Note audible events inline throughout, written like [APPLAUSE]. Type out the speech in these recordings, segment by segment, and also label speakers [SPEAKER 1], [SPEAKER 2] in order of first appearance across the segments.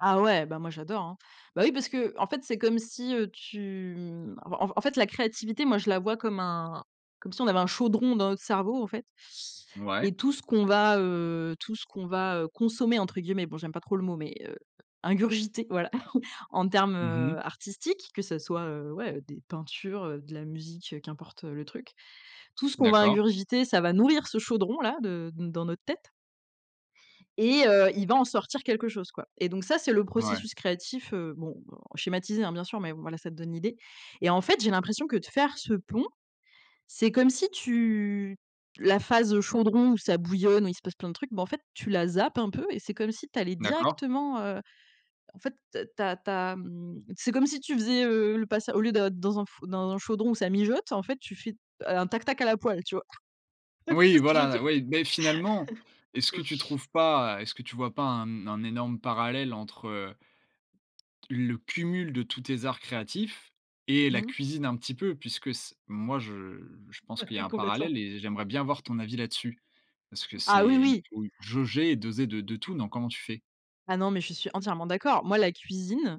[SPEAKER 1] Ah, ouais, bah, moi, j'adore, hein. Bah, oui, parce qu'en fait, c'est comme si, heu, tu, mmh, en en fait, la créativité, moi, je la vois comme un comme si on avait un chaudron dans notre cerveau, au fait et
[SPEAKER 2] Mouais.
[SPEAKER 1] tout ce qu'on va, heu, tout ce qu'on va, heu, consommer, entre guillemets, bon, j'aime pas trop le mot mais heu ingurgiter, voilà, [CHUCKLES] en termes,
[SPEAKER 2] Mmh mh.
[SPEAKER 1] heu, artistiques que ça soit, heu, ouais, des peintures, heu, de la musique, heu, qu'importe, heu, le truc. Tout ce qu'on va
[SPEAKER 2] D'accord.
[SPEAKER 1] ingurgiter, ça va nourrir ce chaudron-là de dans notre tête et heu, il va en sortir quelque chose, quoi et donc ça, c'est le
[SPEAKER 2] Ouais.
[SPEAKER 1] processus créatif, heu, bon, heu, schématisé, hein, bien sûr mais voilà, ça te donne l'idée et en fait, j'ai l'impression que de faire ce pont, c'est comme si tu la phase, heu, chaudron où ça bouillonne où il se passe plein de trucs, bah, en fait, tu la zappes un peu et c'est comme si tu allais
[SPEAKER 2] D'accord.
[SPEAKER 1] directement, heu, en fait, tu as tu as, mmh, c'est comme si tu faisais, heu, le passa au lieu de d'être dans un fou dans un chaudron où ça mijote, en fait, tu fais, heu, un tac tac à la poêle, tu vois?
[SPEAKER 2] Oui,
[SPEAKER 1] [LAUGHS] Tu vois ce que je veux
[SPEAKER 2] voilà,
[SPEAKER 1] dire?
[SPEAKER 2] oui, mais finalement,
[SPEAKER 1] [CHUCKLES]
[SPEAKER 2] est-ce que tu trouves pas est-ce que tu vois pas un un énorme parallèle entre, heu le cumul de tous tes arts créatifs, et la
[SPEAKER 1] Mmh.
[SPEAKER 2] cuisine, un petit peu? Puisque c moi, je je pense
[SPEAKER 1] Ah,
[SPEAKER 2] qu'il y a
[SPEAKER 1] oui,
[SPEAKER 2] un
[SPEAKER 1] complètement.
[SPEAKER 2] parallèle, et j'aimerais bien avoir ton avis là-dessus, parce que
[SPEAKER 1] Ah,
[SPEAKER 2] c'est
[SPEAKER 1] oui,
[SPEAKER 2] il
[SPEAKER 1] oui.
[SPEAKER 2] faut jauger, et doser de de tout, non? Comment tu fais?
[SPEAKER 1] Ah, non, mais je suis entièrement d'accord. Moi, la cuisine,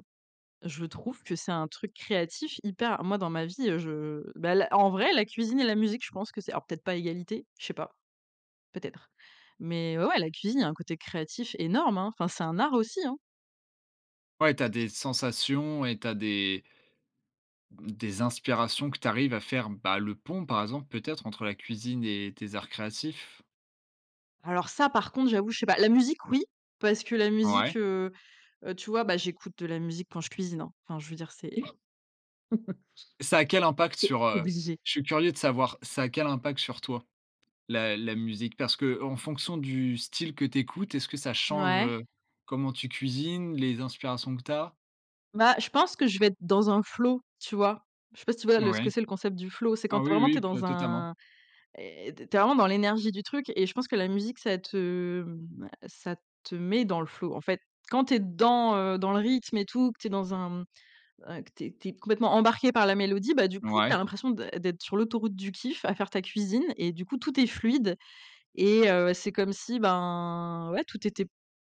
[SPEAKER 1] je trouve que c'est un truc créatif, hyper moi, dans ma vie, heu, je bah, l en vrai, la cuisine et la musique, je pense que c'est alors, peut-être pas à égalité, je sais pas. Peut-être, mais ouais, ouais, la cuisine, il y a un côté créatif énorme, hein, enfin, c'est un art aussi, hein?
[SPEAKER 2] Ouais, tu as des sensations, et tu as des des inspirations que tu arrives à faire, bah, le pont, par exemple, peut-être entre la cuisine et tes arts créatifs?
[SPEAKER 1] Alors, ça, par contre, j'avoue, je sais pas. La musique, oui, parce que la
[SPEAKER 2] Ouais.
[SPEAKER 1] musique, heu heu, tu vois? Bah, j'écoute de la musique quand je cuisine, hein, enfin, je veux dire, c'est [CHUCKLES]
[SPEAKER 2] Ça a quel impact
[SPEAKER 1] c'est
[SPEAKER 2] sur, heu
[SPEAKER 1] obligé.
[SPEAKER 2] je suis curieux de savoir, ça a quel impact sur toi, la la musique? Parce qu'en fonction du style que tu écoutes, est-ce que ça change,
[SPEAKER 1] Ouais.
[SPEAKER 2] heu, comment tu cuisines, les inspirations que tu as?
[SPEAKER 1] Bah, je pense que je vais être dans un flow, tu vois? Je sais pas si tu vois? Le ce que
[SPEAKER 2] Oui.
[SPEAKER 1] c'est le concept du flow. C'est quand
[SPEAKER 2] Ah, oui,
[SPEAKER 1] vraiment tu
[SPEAKER 2] oui,
[SPEAKER 1] es
[SPEAKER 2] vr
[SPEAKER 1] dans
[SPEAKER 2] totalement.
[SPEAKER 1] un eh, tu es tu es vraiment dans l'énergie du truc et je pense que la musique, ça te, mmh, bah, ça te met dans le flow, en fait. Quand tu es dans, heu, dans le rythme et tout, que tu es dans un, mmh, un que tu es que tu es complètement embarquée par la mélodie, bah, du coup tu as
[SPEAKER 2] Ouais.
[SPEAKER 1] l'impression d'ê d'être sur l'autoroute du kiff, à faire ta cuisine et du coup, tout est fluide et heu, c'est comme si, ben, ouais, tout était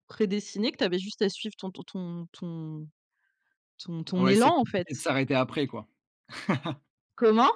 [SPEAKER 1] prédestiné, que tu avais juste à suivre ton ton ton ton ton
[SPEAKER 2] Ouais, c'est
[SPEAKER 1] élan, en fait.
[SPEAKER 2] compliqué de s'arrêter, après, quoi. [CHUCKLES]
[SPEAKER 1] Comment?